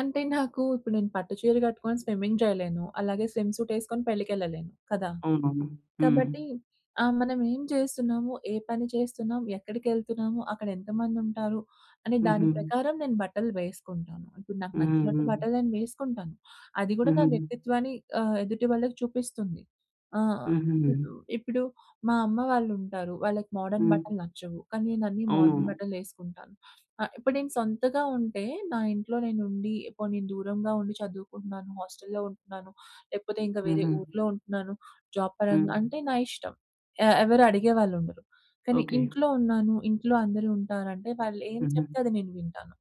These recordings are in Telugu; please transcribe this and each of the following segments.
అంటే నాకు ఇప్పుడు నేను పట్టు చీర గట్టుకొని స్విమ్మింగ్ జేయలేను, అలాగే స్విమ్ సూట్ ఎసుకొని పెళ్ళికేళ్ళలేను కదా! అవునవును. హ్మ్. కాబట్టి ఆ! మనమేం చేస్తున్నాము? ఏ పని చేస్తున్నాం ఎక్కడికేళ్తున్నాము? అక్కడ ఎంతమందుంటారు? అనే దాని హుహు. ప్రకారం నేను బట్టలు వేసుకుంటాను. ఇప్పుడు నాకు హుహు. నచ్చినట్టు హ్మ్. బట్టలు నేను వేసుకుంటాను అది గూడా నా హుహు. వ్యక్తిత్వాన్ని ఆహ్, ఎదుటి వాళ్ళకి చూపిస్తుంది. ఆ! హు హు హుహు. ఇప్పుడు మా అమ్మ వాళ్ళుంటారు. వాళ్ళకి మోడర్న్ హ్మ్. బట్టలు నచ్చవు, కానీ నేనన్నీ మోడర్న్ అవునవును. బట్టలేసుకుంటాను. ఆహ్, ఇప్పుడు నేను సొంతగా ఉంటే నా ఇంట్లో నేను ఉండి, పోనీ దూరంగా ఉండి చదువుకుంటున్నాను, హాస్టల్లో ఉంటున్నాను, లేకపోతే ఇంకా వేరే హుహు. ఊర్లో ఉంటున్నాను జాబ్ పరంగా హ్మ్. అంటే నా ఇష్టం. ఆహ్, ఎవరు అడిగేవాళ్ళుండరు. కానీ ఓకే. ఇంట్లో ఉన్నాను, ఇంట్లో అందరూ ఉంటారంటే వాళ్ళు ఏం చెప్తే హుహు. అది నేను వింటాను.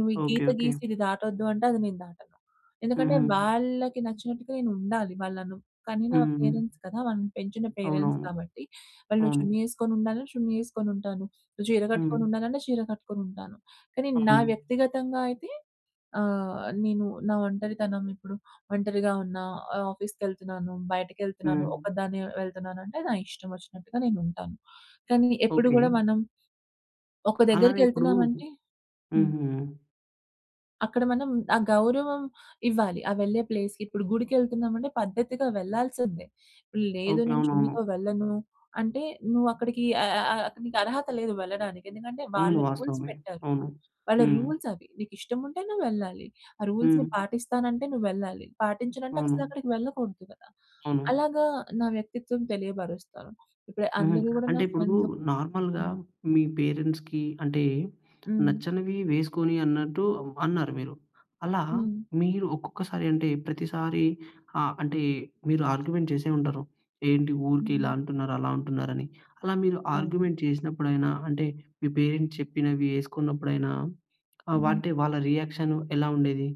నువ్వు ఈ ఓకే. గీత ఓకే. గీసి ఇది దాటొద్దు అంటే అది నేను దాటను. ఎందుకంటే హుహు. వాళ్ళకి నచ్చినట్టుగా నేనుండాలి. వాళ్ళనను కనీనా హ్మ్. పేరెంట్స్ కదా! వాళ్ళని పెంచిన పేరెంట్స్ అవునవును. కాబట్టి వాళ్ళు నువ్వు అవును. చున్నీ ఎసుకొని ఉండాలన్న చున్నీ ఎసుకొని ఉంటాను. నువ్వు చీర హ్మ్. కట్టుకొని ఉండాలన్న చీర కట్టుకొని ఉంటాను. కానీ నా అవును. వ్యక్తిగతంగా అయితే ఆహ్, నేను నా ఒంటరితనం ఇప్పుడు ఒంటరిగా ఉన్న, ఆఫీస్‌కేళ్తున్నాను, బయటకేళ్తున్నాను, హ్మ్. ఒకదాన్ని వెళ్తున్నాను అంటే నా ఇష్టం ఒచ్చినట్టుగా నేను ఉంటాను. కానీ ఎప్పుడు ఓకే. గూడా మనం ఒక అలానే ఇప్పుడు దగ్గరికేళ్తున్నాం హుహు. అంటే హ్మ్. అక్కడ మనం ఆ గౌరవం ఇవ్వాలి. ఆ వెళ్ళే ప్లేస్‌కి. ఇప్పుడు గుడికేళ్తున్నామంటే పద్ధతిగా వెళ్ళాల్సిందే. లేదు ఓకే. "నేను అవునవును. చున్నీతో వెళ్ళను" అంటే నువ్వు అక్కడికి అ అ అ అక్కడ నీకరహత లేదు వెళ్ళడానికి. ఎందుకంటే వాళ్ళ అవును. రూల్స్ వాస్తవమే. పెట్టారు. అవును. వాళ్ళ హ్మ్. రూల్స్ అవి నీకు ఇష్టం ఉంటే నువ్వు వెళ్ళాలి. ఆ రూల్స్‌‌ని హ్మ్. పాటిస్తానంటే నువ్వెళ్ళాలి, పాటించనంటే అవును. అసలక్కడికి వెళ్ళకూడదు కదా! అవును. అలాగా నా వ్యక్తిత్వం తెలియబరుస్తాను. ఇప్పుడు హుహు. అందరూ గూడా నా అంటే ఇప్పుడు ఫ్రెండ్స్ నార్మల్‌గా హ్మ్. మీ పేరెంట్స్‌కి అంటే హ్మ్. నచ్చనవి వేసుకొని అన్నట్టు అన్నారు మీరు. అలా హ్మ్. మీరు ఒక్కొక్కసారి అంటే ప్రతిసారి ఆ అంటే మీరు ఆర్గ్యుమెంట్ చేసే ఉంటారు. "ఏంటి ఊరికే ఇలా హుహు. అంటున్నారు, అలా అంటున్నారు" అని అలా మీరు అవును. ఆర్గ్యుమెంట్ చేసినప్పుడైనా అంటే మీ పేరెంట్స్ చెప్పినవి ఎసుకున్నప్పుడైనా ఆ! హుహు. అంటే వాళ్ళ రియాక్షన్ ఎలా ఉండేది?